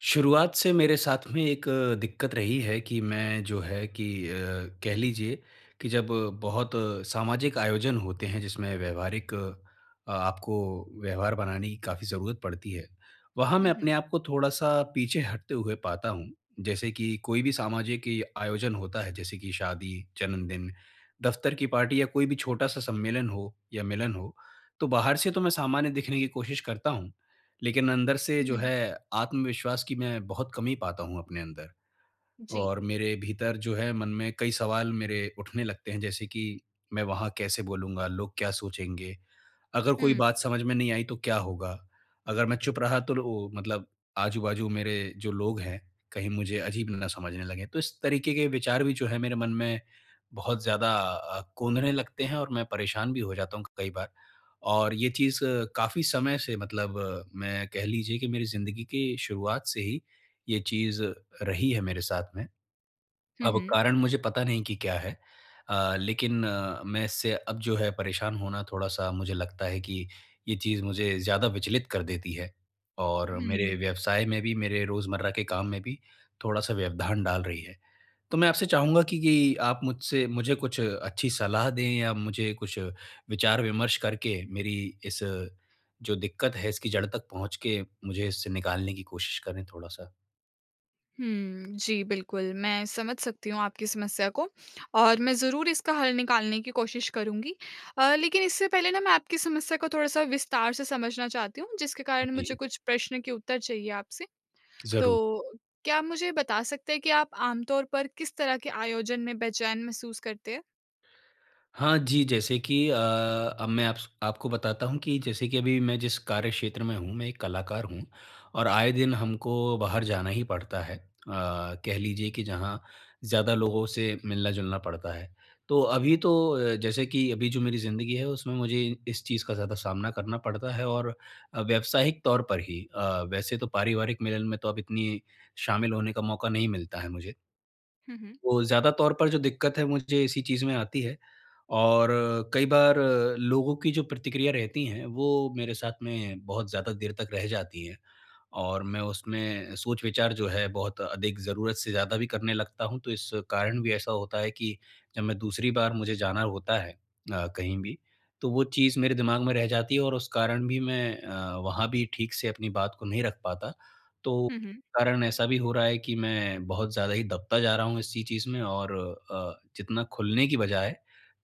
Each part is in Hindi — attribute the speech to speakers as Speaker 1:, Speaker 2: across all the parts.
Speaker 1: शुरुआत से मेरे साथ में एक अ, दिक्कत रही है कि मैं जो है कि अ, कह लीजिए कि जब बहुत सामाजिक आयोजन होते हैं जिसमें व्यावहारिक अ, आपको व्यवहार बनाने की काफ़ी ज़रूरत पड़ती है। वहाँ मैं
Speaker 2: हुँ, हुँ।
Speaker 1: अपने आप को थोड़ा-सा पीछे हटते हुए पाता हूँ। जैसे कि, कोई भी सामाजिक इ आयोजन होता है। जैसे की शादी, जन्मदिन, दफ्तर की पार्टी या कोई भी छोटा-सा सम्मेलन हो या मिलन हो, तो बाहर से तो मैं सामान्य दिखने की कोशिश करता हूँ, लेकिन अंदर से
Speaker 2: हुँ,
Speaker 1: जो
Speaker 2: हुँ।
Speaker 1: है, आत्मविश्वास की मैं बहुत कमी पाता हूँ अपने अंदर,
Speaker 2: जी।
Speaker 1: और मेरे भीतर जो है, मन में कई सवाल मेरे उठने लगते हैं। जैसे कि मैं वहाँ कैसे बोलूँगा, लोग क्या सोचेंगे? अगर कोई
Speaker 2: हुँ।
Speaker 1: बात समझ में नहीं आई तो क्या होगा? अगर मैं चुप रहा तो लो मतलब आजू-बाजू मेरे जो लोग हैं, कहीं मुझे अजीब ना समझने लगे। तो इस तरीके के विचार भी जो है मेरे मन में, बहुत ज़्यादा अ, कोंदने लगते हैं और मैं परेशान भी हो जाता हूँ क कई बार। और ये चीज़ काफ़ी समय से मतलब मैं कह लीजिए कि मेरी ज़िंदगी के शुरुआत से ही, ये चीज़ रही है मेरे साथ में।
Speaker 2: हुँ,
Speaker 1: अब
Speaker 2: हुँ।
Speaker 1: कारण मुझे पता नहीं कि क्या है? अ, लेकिन अ, मैं इससे अब जो है परेशान होना थोड़ा-सा मुझे लगता है कि, ये चीज़ मुझे ज़्यादा विचलित कर देती है। और मेरे
Speaker 2: हुँ।
Speaker 1: व्यवसाय में भी, मेरे रोजमर्रा के काम में भी थोड़ा-सा व्यवधान डाल रही है। तो मैं आपसे चाहूँगा कि कि आप मुझसे मुझे कुछ अच्छी सलाह दें या मुझे कुछ विचार-विमर्श करके मेरी इस, जो दिक्कत है इसकी जड़ तक पहुँच के मुझे इससे निकालने की कोशिश करें थोड़ा-सा।
Speaker 2: हुँ, जी बिल्कुल। मैं समझ सकती हूँ आपकी समस्या को और मैं ज़रूर इसका हल निकालने की कोशिश करूँगी। अ, लेकिन इससे पहले ना मैं आपकी समस्या को थोड़ा-सा विस्तार से समझना चाहती हूँ जिसके कारण मुझे
Speaker 1: जी।
Speaker 2: कुछ प्रश्न के उत्तर चाहिए आपसे।
Speaker 1: ज़रू
Speaker 2: तो क्या आप मुझे बता सकते हैं कि आप आमतौर पर किस तरह के आयोजन में बेचैन महसूस करते हैं?
Speaker 1: हाँ, जी। जैसे कि अ, अब मैं आप्स आपको बताता हूँ कि जैसे कि अभी मैं जिस कार्यक्षेत्र में हूँ मैं 1 कलाकार हूँ और आए दिन हमको बाहर जाना ही पड़ता है। अ, कह लीजिए कि जहाँ ज़्यादा लोगों से मिलना-जुलना पड़ता है। तो अभी तो अ, जैसे कि अभी जो मेरी ज़िन्दगी है उसमें मुझे इ इस चीज़ का ज़्यादा सामना करना पड़ता है और अ, व्यावसायिक तौर पर ही अ, वैसे तो पारिवारिक मिलन में तो अब इतनी शामिल होने का मौका नहीं मिलता है मुझे।
Speaker 2: हुँ, हुँ।
Speaker 1: वो ज़्यादा तौर पर जो दिक्कत है मुझे इसी चीज़ में आती है, और कई बार अ, लोगों की जो प्रतिक्रिया रहती हैं वो मेरे साथ में बहुत ज़्यादा देर तक रह जाती हैं और मैं उसमें सोच विचार जो है बहुत अधिक ज़रूरत से ज़्यादा भी करने लगता हूँ। तो इस कारण भी ऐसा होता है कि जब मैं दूसरी बार मुझे जाना होता है अ, कहीं भी, तो वो चीज़ मेरे दिमाग में रह जाती है और उस कारण भी मैं अ, वहाँ भी ठीक से अपनी बात को नहीं रख पाता। तो
Speaker 2: हुँ, हुँ।
Speaker 1: कारण में ऐसा भी हो रहा है कि मैं बहुत ज़्यादा ही दबता जा रहा हूँ इसी चीज़ में और अ, जितना खुलने की बजाए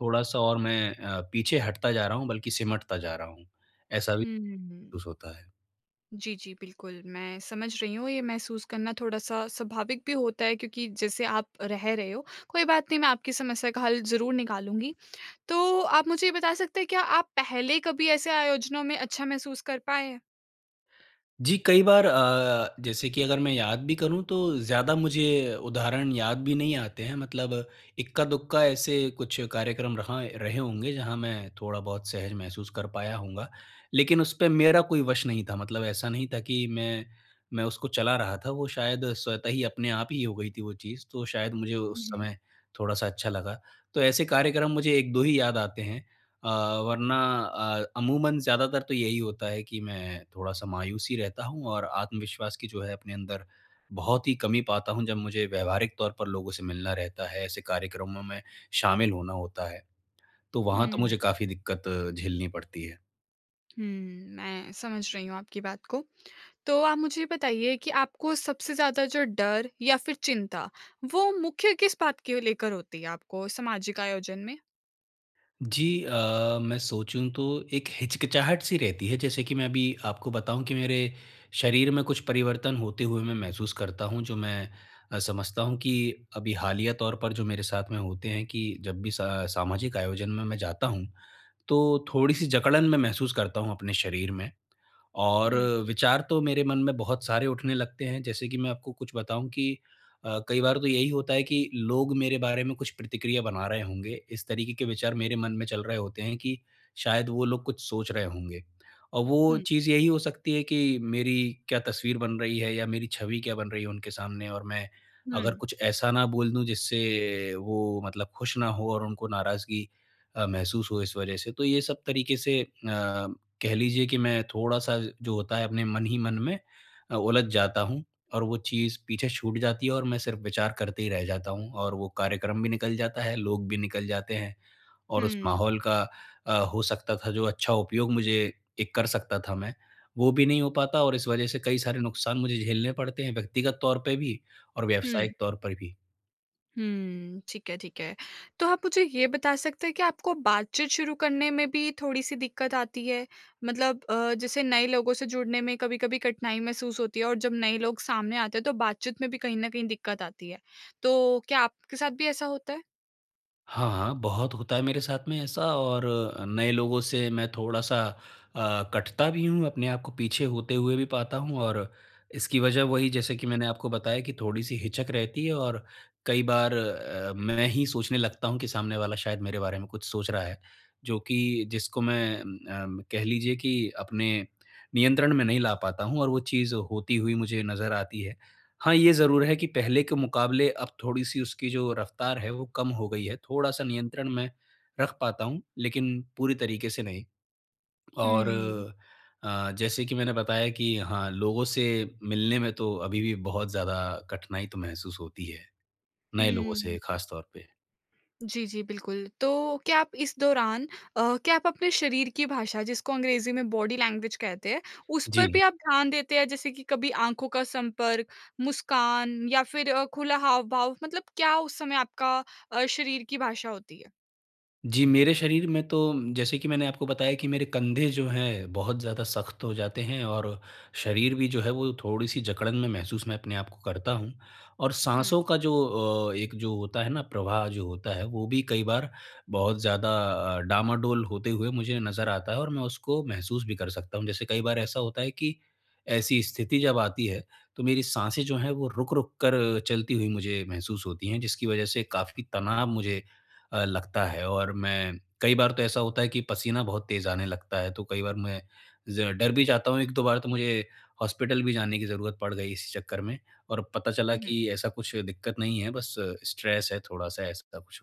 Speaker 1: थोड़ा-सा और मैं अ, पीछे हटता जा रहा हूँ बल्कि सिमटता जा रहा हूँ। ऐसा भी
Speaker 2: हुँ, हुँ, हुँ।
Speaker 1: सूस होता है।
Speaker 2: जी, जी, बिल्कुल मैं समझ रही हूँ। ये महसूस करना थोड़ा-सा स्वाभाविक भी होता है क्योंकि जैसे आप रह रहे हो कोई बात नहीं मैं आपकी समस्या का हल ज़रूर निकालूँगी। तो आप मुझे ये बता सकते हैं, क्या आप पहले कभी ऐसे आयोजनों में अच्छा महसूस कर पाएँ हैं?
Speaker 1: जी, कई बार अ, जैसे कि अगर मैं याद भी करूँ तो ज़्यादा मुझे उदाहरण याद भी नहीं आते हैं। मतलब इक्का-दुक्का ऐसे कुछ कार्यक्रम रहा एँ रहे होंगे, जहाँ मैं थोड़ा बहुत सहज महसूस कर पाया होऊँगा। लेकिन उस पे मेरा कोई वश नहीं था मतलब ऐसा नहीं था कि मैं, मैं उसको चला रहा था वो शायद स्वतः ही अपने आप ही हो गई थी वो चीज़। तो शायद मुझे
Speaker 2: हुँ,
Speaker 1: उस
Speaker 2: हुँ।
Speaker 1: समय थोड़ा-सा अच्छा लगा। तो ऐसे कार्यक्रम मुझे 1-2 ही याद आते हैं। अ, वरना अ, अमूमन ज़्यादातर तो यही होता है कि मैं थोड़ा-सा मायूस ही रहता हूँ और आत्मविश्वास की जो है अपने अंदर, बहुत ही कमी पाता हूँ। जब मुझे व्यावहारिक तौर पर लोगों से मिलना रहता है, ऐसे कार्यक्रमों में शामिल होना होता है। तो वहाँ तो
Speaker 2: हुँ।
Speaker 1: मुझे काफ़ी दिक्कत झेलनी पड़ती है।
Speaker 2: हुँ, मैं समझ रही हूँ आपकी बात को। तो, आप मुझे बताइए कि आपको सबसे ज़्यादा जो डर या फिर चिंता, वो मुख्य किस बात के लेकर होती है, आपको सामाजिक आयोजन में?
Speaker 1: जी। अ, मैं सोचूँ तो एक हिचकिचाहट सी रहती है जैसे कि मैं अभी आपको बताऊँ कि मेरे शरीर में कुछ परिवर्तन होते हुए मैं महसूस करता हूँ जो मैं अ, समझता हूँ कि अभी हालिया तौर पर जो मेरे साथ में होते हैं कि जब भी सा सामाजिक आयोजन में मैं जाता हूँ। तो थोड़ी-सी जकड़न मैं महसूस करता हूँ अपने शरीर में और
Speaker 2: हुँ।
Speaker 1: विचार तो मेरे मन में बहुत सारे उठने लगते हैं जैसे कि मैं आपको कुछ बताऊँ कि अ, कई बार तो यही होता है कि लोग मेरे बारे में कुछ प्रतिक्रिया बना रहे होंगे इस तरीके के विचार मेरे मन में चल रहे होते हैं कि शायद वो लोग कुछ सोच रहे होंगे। और वो
Speaker 2: हुँ।
Speaker 1: चीज़ यही हो सकती है कि मेरी क्या तस्वीर बन रही है या मेरी छवि क्या बन रही है उनके सामने और मैं अगर
Speaker 2: हुँ।
Speaker 1: कुछ ऐसा ना बोल दूँ जिससे वो मतलब खुश ना हो और उनको नाराज़गी अ, महसूस हो इस वज़ह से तो ये सब तरीके से अ, कह लीजिए कि मैं थोड़ा-सा जो होता है अपने मन ही मन में अ, उलझ जाता हूँ। और वो चीज़ पीछे छूट जाती है और मैं सिर्फ़ विचार करते ही रह जाता हूँ और वो कार्यक्रम भी निकल जाता है लोग भी निकल जाते हैं। और उस
Speaker 2: हुँ।
Speaker 1: माहौल का अ, हो सकता था जो अच्छा उपयोग मुझे एक कर सकता था मैं वो भी नहीं हो पाता और इस वज़ह से कई सारे नुकसान मुझे झेलने पड़ते हैं व्यक्तिगत तौर पे भी और
Speaker 2: हुँ।
Speaker 1: व्यावसायिक तौर पर भी।
Speaker 2: हुँ। ठीक है, ठीक है। तो आप मुझे ये बता सकते हैं, कि आपको बातचीत शुरू करने में भी थोड़ी-सी दिक्कत आती है? मतलब, अ, जैसे नए लोगों से जुड़ने में कभी-कभी कठिनाई महसूस होती है? और जब नए लोग सामने आते हैं, तो बातचीत में भी कहीं न कहीं दिक्कत आती है। तो, क्या आपके साथ भी ऐसा होता है?
Speaker 1: हाँ, हाँ, बहुत होता है मेरे साथ में ऐसा, और अ, नए लोगों से मैं थोड़ा-सा अ, कटता भी हूँ, अपने आपको को पीछे होते हुए भी पाता हूँ। और इसकी वजह वही, जैसे कि मैंने आपको बताया कि, थोड़ी-सी हिचक रहती है। और कई बार अ, मैं ही सोचने लगता हूँ कि सामने वाला शायद मेरे बारे में कुछ सोच रहा है। जो कि जिसको मैं, अम्म कह लीजिए कि अपने नियंत्रण में नहीं ला पाता हूँ, और वो चीज़ होती हुई मुझे नज़र आती है। हाँ, ये ज़रूर है कि पहले के मुकाबले अब थोड़ी-सी उसकी जो रफ़्तार है वो कम हो गई है। थोड़ा-सा नियंत्रण में रख पाता हूँ, लेकिन पूरी तरीके से नहीं। और,
Speaker 2: हुँ।
Speaker 1: अ, जैसे कि मैंने बताया कि, हाँ, लोगों से मिलने में तो अभी भी बहुत ज़्यादा कठिनाई तो महसूस होती है। नए लोगों
Speaker 2: हुँ।
Speaker 1: से खासतौर पे।
Speaker 2: जी, जी, बिल्कुल। तो क्या आप इस दौरान, अ, क्या आप अपने शरीर की भाषा, जिसको अंग्रेज़ी में बॉडी लैंग्वेज कहते हैं, उस पर भी
Speaker 1: जी।
Speaker 2: आप ध्यान देते हैं? जैसे कि कभी आँखों का संपर्क मुस्कान या फिर अ, खुला हाव-भाव, मतलब क्या उस समय आपका अ, शरीर की भाषा होती है?
Speaker 1: जी। मेरे शरीर में तो म जैसे कि मैंने आपको बताया कि मेरे कंधे जो हैं बहुत ज़्यादा सख्त हो जाते हैं और, शरीर भी जो है वो थोड़ी-सी जकड़न में महसूस मैं अपने आपको को करता हूँ और
Speaker 2: हुँ।
Speaker 1: साँसों का जो अ, एक जो होता है ना प्रवाह जो होता है, वो भी कई बार बहुत ज़्यादा अ, डामाडोल होते हुए मुझे नज़र आता है और मैं उसको महसूस भी कर सकता हूँ। जैसे कई बार ऐसा होता है कि, ऐसी स्थिति जब आती है तो मेरी साँसें जो हैं, वो रुक-रुक कर चलती हुई मुझे महसूस होती हैं, जिसकी वज़ह से काफ़ी तनाव मुझे अ, लगता है और मैं कई बार तो ऐसा होता है कि पसीना बहुत तेज़ आने लगता है, तो कई बार मैं ज़रा डर भी जाता हूँ 1-2 बार तो मुझे हॉस्पिटल भी जाने की ज़रूरत पड़ गई इसी चक्कर में और पता चला
Speaker 2: हुँ,
Speaker 1: कि
Speaker 2: हुँ।
Speaker 1: ऐसा कुछ दिक्कत नहीं है, बस स्ट्रेस है थोड़ा-सा ऐसा कुछ,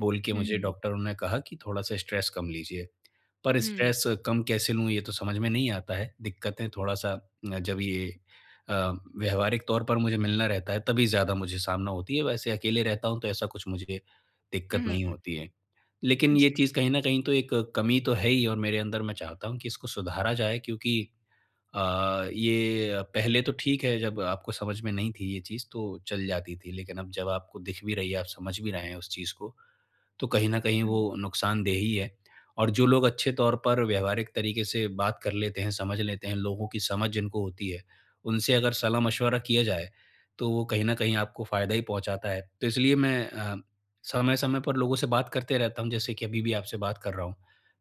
Speaker 1: बोल के
Speaker 2: हुँ,
Speaker 1: मुझे
Speaker 2: हुँ।
Speaker 1: डॉक्टरों ने कहा कि थोड़ा-सा स्ट्रेस कम लीजिए। पर
Speaker 2: हुँ।
Speaker 1: स्ट्रेस कम कैसे लूँ ये तो समझ में नहीं आता है। दिक्कतें थोड़ा-सा अ, जब ये अ, व्यावहारिक तौर पर मुझे मिलना रहता है तभी ज़्यादा मुझे सामना होती है, वैसे अकेले रहता हूँ तो ऐसा कुछ मुझे
Speaker 2: हुँ,
Speaker 1: दिक्कत नहीं
Speaker 2: हुँ।
Speaker 1: होती है। लेकिन ये
Speaker 2: जी।
Speaker 1: चीज़ कहीं न कहीं तो एक, कमी तो है ही और मेरे अंदर मैं चाहता हूँ कि इसको सुधारा जाए क्योंकि अ, ये पहले तो ठीक है जब आपको समझ में नहीं थी ये चीज़, तो चल जाती थी, लेकिन अब जब आपको दिख भी रही है, आप समझ भी रहे हैं उस चीज़ को, तो कहीं न कहीं
Speaker 2: हुँ।
Speaker 1: वो नुकसानदेह ही है। और जो लोग अच्छे तौर पर व्यावहारिक तरीके से बात कर लेते हैं, समझ लेते हैं, लोगों की समझ जिनको होती है, उनसे अगर सलाह-मशवरा किया जाए, तो वो कहीं न कहीं आपको फ़ायदा ही पहुँचाता है। तो इसलिए मैं अ, समय-समय पर लोगों से बात करते रहता हूँ जैसे कि अभी भी आपसे बात कर रहा हूँ।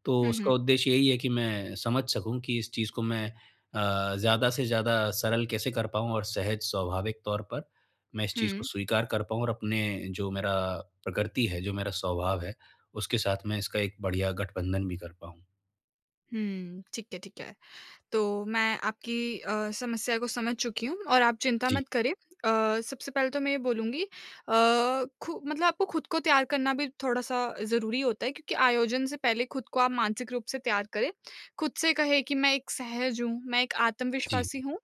Speaker 1: तो
Speaker 2: हुँ,
Speaker 1: उसका
Speaker 2: हुँ।
Speaker 1: उद्देश्य यही है कि मैं समझ सकूँ कि इस चीज़ को मैं अ, ज़्यादा से ज़्यादा सरल कैसे कर पाऊँ और सहज, स्वाभाविक तौर पर, मैं इस चीज़ को
Speaker 2: हुँ।
Speaker 1: स्वीकार कर पाऊँ और अपने जो मेरा, प्रकृति है, जो मेरा स्वभाव है, उसके साथ मैं इसका एक बढ़िया गठबंधन भी कर पाऊँ।
Speaker 2: हुँ, ठीक है, ठीक है। तो मैं आपकी अ, समस्या को समझ चुकी हूँ और आप चिंता
Speaker 1: जी।
Speaker 2: मत करें। अ, सबसे पहले तो मैं ये बोलूँगी अ, खु मतलब आपको खुद को तैयार करना भी थोड़ा-सा ज़रूरी होता है क्योंकि आयोजन से पहले खुद को आप मानसिक रूप से तैयार करें। खुद से कहें कि, "मैं एक सहज हूँ। मैं एक
Speaker 1: जी।
Speaker 2: आत्मविश्वासी हूँ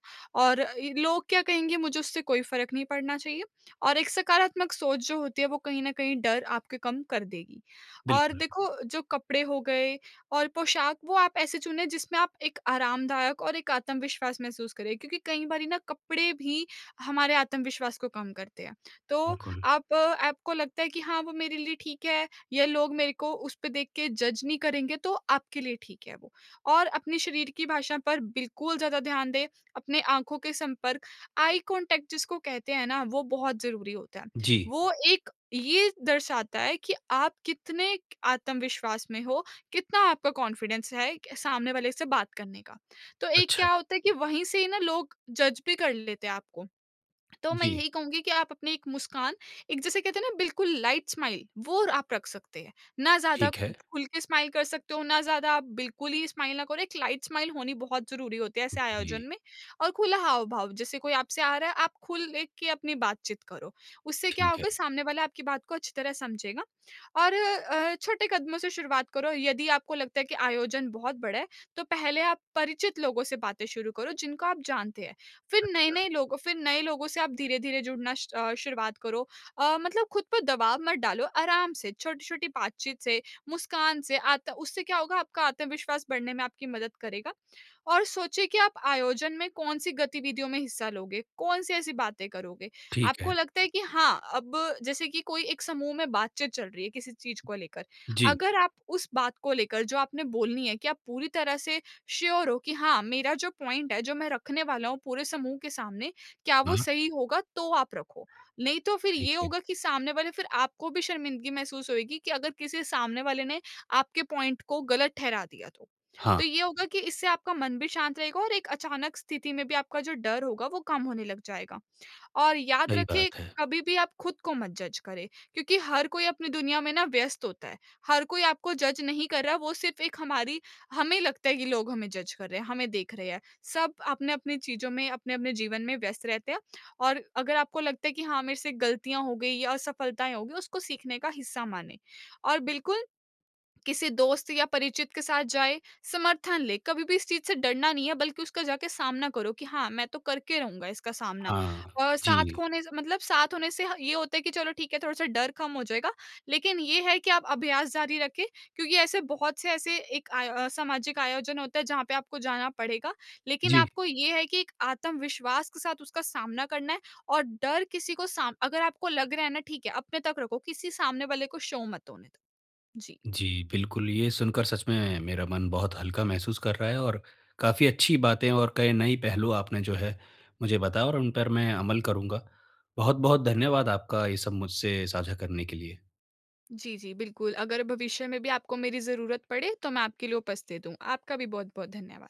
Speaker 2: और ई लोग क्या कहेंगे मुझे उससे कोई फ़र्क नहीं पड़ना चाहिए।" और एक सकारात्मक सोच जो होती है, वो कहीं न कहीं डर आपके कम कर देगी और
Speaker 1: बिल्कुल।
Speaker 2: देखो, जो कपड़े हो गए और पोशाक, वो आप ऐसे चुनें जिसमें आप एक आरामदायक और एक आत्मविश्वास महसूस करें क्योंकि कई बारी ना कपड़े भी हमारे आत्मविश्वास को कम करते हैं। तो
Speaker 1: बिल्कुल।
Speaker 2: आप आपको लगता है कि, "हाँ, वो मेरे लिए ठीक है या लोग मेरे को उसपे देख के जज नहीं करेंगे।" तो आपके लिए ठीक है वो और अपने शरीर की भाषा पर बिल्कुल ज़्यादा ध्यान दें। अपने आँखों के संपर्क, आई कॉन्टैक्ट जिसको कहते हैं ना, वो बहुत ज़रूरी होता है।
Speaker 1: जी।
Speaker 2: वो एक ये दर्शाता है कि आप कितने क एक आत्मविश्वास में हो, कितना आपका कॉन्फिडेंस है एक सामने वाले से बात करने का। तो एक
Speaker 1: अच्छा।
Speaker 2: क्या होता है कि वहीं से ही ना लोग जज भी कर लेते हैं आपको। तो मैं
Speaker 1: जी।
Speaker 2: यही कहूँगी कि आप अपनी एक मुस्कान, एक जिसे कहते हैं ना बिल्कुल लाइट स्माइल, वो र आप रख सकते हैं। ना ज़्यादा
Speaker 1: ठीक है।
Speaker 2: खुल के स्माइल कर सकते हो, ना ज़्यादा आप बिल्कुल ही स्माइल ना करो। एक लाइट स्माइल, होनी बहुत ज़रूरी होती है ऐसे आयोजन
Speaker 1: जी।
Speaker 2: में और खुला हाव-भाव। जैसे कोई आपसे आ रहा है, आप खुल लेके अपनी बातचीत करो। उससे क्या
Speaker 1: ठीक है।
Speaker 2: होगा, सामने वाला आपकी बात को अच्छी तरह समझेगा और अ, छोटे कदमों से शुरुआत करो। यदि आपको लगता है कि आयोजन बहुत बड़ा है, तो पहले आप परिचित लोगों से बातें शुरू करो, जिनको आप जानते हैं। फिर
Speaker 1: अच्छा।
Speaker 2: नए-नए लोगों फिर नए लोगों से आप धीरे-धीरे जुड़ना स्ट अ, शुरुआत करो। अ, मतलब खुद पर दबाव मत डालो, आराम से, छोटी-छोटी बातचीत से, मुस्कान से आत उससे क्या होगा, आपका आत्मविश्वास बढ़ने में आपकी मदद करेगा और सोचिए कि आप आयोजन में कौन-सी गतिविधियों में हिस्सा लोगे, कौन-सी ऐसी बातें करोगे।
Speaker 1: ठीक
Speaker 2: आपको
Speaker 1: है।
Speaker 2: लगता है कि हाँ, अब जैसे कि कोई एक समूह में बातचीत चल रही है किसी चीज़ को लेकर।
Speaker 1: जी।
Speaker 2: अगर आप उस बात को लेकर जो आपने बोलनी है कि आप पूरी तरह से श्योर हो कि, "हाँ, मेरा जो पॉइंट है, जो मैं रखने वाला हूँ पूरे समूह के सामने, क्या वो
Speaker 1: हाँ।
Speaker 2: सही होगा?" तो आप रखो। नहीं तो फिर
Speaker 1: ठीक
Speaker 2: ये
Speaker 1: है।
Speaker 2: होगा कि सामने वाले फिर आपको भी शर्मिंदगी महसूस होएगी कि अगर किसी सामने वाले ने आपके पॉइंट को गलत ठहरा दिया तो।
Speaker 1: हाँ।
Speaker 2: तो ये होगा कि इससे आपका मन भी शांत रहेगा और एक अचानक स्थिति में भी आपका जो डर होगा, वो कम होने लग जाएगा और याद
Speaker 1: सही
Speaker 2: रखें,
Speaker 1: बात है।
Speaker 2: कभी भी आप खुद को मत जज करें क्योंकि हर कोई अपनी दुनिया में ना व्यस्त होता है। हर कोई आपको जज नहीं कर रहा, वो सिर्फ़ एक हमारी हमें लगता है कि लोग हमें जज कर रहे हैं, हमें देख रहे हैं। सब अपने-अपने चीज़ों में, अपने-अपने जीवन में व्यस्त रहते हैं और अगर आपको लगता है कि, "हाँ, मेरे से गलतियाँ हो गईं या असफलताएँ हो गईं।" उसको सीखने का हिस्सा मानें और बिल्कुल किसी दोस्त या परिचित के साथ जाएँ, समर्थन लें। कभी भी इस चीज़ से डरना नहीं है, बल्कि उसका जाके सामना करो कि, "हाँ, मैं तो करके रहूँगा इसका सामना।"
Speaker 1: हाँ,
Speaker 2: और साथ
Speaker 1: जी।
Speaker 2: खोने से मतलब साथ होने से ह ये होता है कि चलो, ठीक है, थोड़ा-सा डर कम हो जाएगा। लेकिन ये है कि आप अभ्यास जारी रखें क्योंकि ऐसे बहुत से ऐसे एक आय अ, सामाजिक आयोजन होता है, जहाँ पे आपको जाना पड़ेगा। लेकिन
Speaker 1: जी।
Speaker 2: आपको ये है कि एक आत्मविश्वास के साथ उसका सामना करना है और डर किसी को साम अगर आपको लग रहा है ना, ठीक है, अपने तक रखो। किसी सामने वाले को शो मत होने दो। जी।
Speaker 1: जी, बिल्कुल। ये सुनकर सच में मेरा मन बहुत हल्का महसूस कर रहा है और काफ़ी अच्छी बातें और कई नई पहलू आपने जो है, मुझे बताया और उन पर अमल करूँगा। बहुत-बहुत धन्यवाद आपका ये सब मुझसे साझा करने के लिए।
Speaker 2: जी, जी, बिल्कुल। अगर भविष्य में भी आपको मेरी ज़रूरत पड़े, तो मैं आपके लिए उपस्थित हूँ। आपका भी बहुत-बहुत धन्यवाद।